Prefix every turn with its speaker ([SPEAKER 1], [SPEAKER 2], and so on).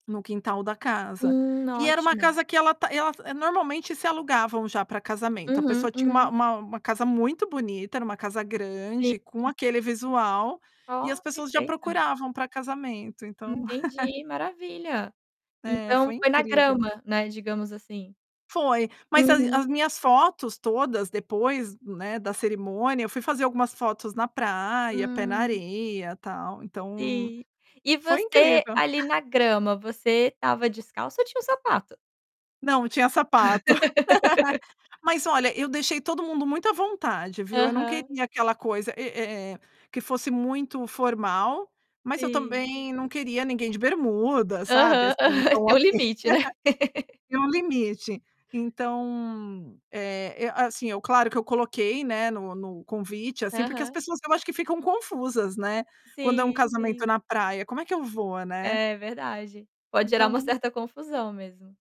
[SPEAKER 1] No quintal da casa.
[SPEAKER 2] Hum,
[SPEAKER 1] E era uma
[SPEAKER 2] ótimo.
[SPEAKER 1] casa que ela tá ela normalmente se alugavam já para casamento, a
[SPEAKER 2] Uhum,
[SPEAKER 1] pessoa tinha uma
[SPEAKER 2] uhum.
[SPEAKER 1] uma uma casa muito bonita, era uma casa
[SPEAKER 2] Sim,
[SPEAKER 1] grande, com
[SPEAKER 2] hum.
[SPEAKER 1] aquele visual, e as
[SPEAKER 2] Oh,
[SPEAKER 1] pessoas já
[SPEAKER 2] perfeito.
[SPEAKER 1] procuravam para casamento, então.
[SPEAKER 2] Entendi, maravilha.
[SPEAKER 1] É,
[SPEAKER 2] Então
[SPEAKER 1] foi
[SPEAKER 2] foi na
[SPEAKER 1] incrível.
[SPEAKER 2] grama, né, digamos assim.
[SPEAKER 1] Foi, mas as
[SPEAKER 2] Uhum.
[SPEAKER 1] as minhas fotos todas depois, né, da cerimônia, eu fui fazer algumas fotos na praia, pé na
[SPEAKER 2] Hum.
[SPEAKER 1] areia, tal, então,
[SPEAKER 2] Sim, e
[SPEAKER 1] foi
[SPEAKER 2] você,
[SPEAKER 1] incrível.
[SPEAKER 2] ali, na grama, você estava descalça ou tinha um sapato?
[SPEAKER 1] Não, tinha sapato. Mas olha, eu deixei todo mundo muito à vontade, viu? Eu não
[SPEAKER 2] Aham.
[SPEAKER 1] queria aquela coisa, é é é que fosse muito formal, mas eu,
[SPEAKER 2] Sim.
[SPEAKER 1] também, não queria ninguém de bermuda, sabe,
[SPEAKER 2] Aham,
[SPEAKER 1] assim, então,
[SPEAKER 2] tem o
[SPEAKER 1] assim.
[SPEAKER 2] limite, não é?
[SPEAKER 1] Tem um limite. Então, eh, assim, eu claro que eu coloquei, né, no no convite, assim, porque as
[SPEAKER 2] Aham.
[SPEAKER 1] pessoas, eu acho que ficam confusas, né, quando é um
[SPEAKER 2] Sim,
[SPEAKER 1] casamento
[SPEAKER 2] sim.
[SPEAKER 1] na praia: "Como é que eu vou?", né.
[SPEAKER 2] É verdade, pode gerar uma
[SPEAKER 1] Então
[SPEAKER 2] certa confusão mesmo.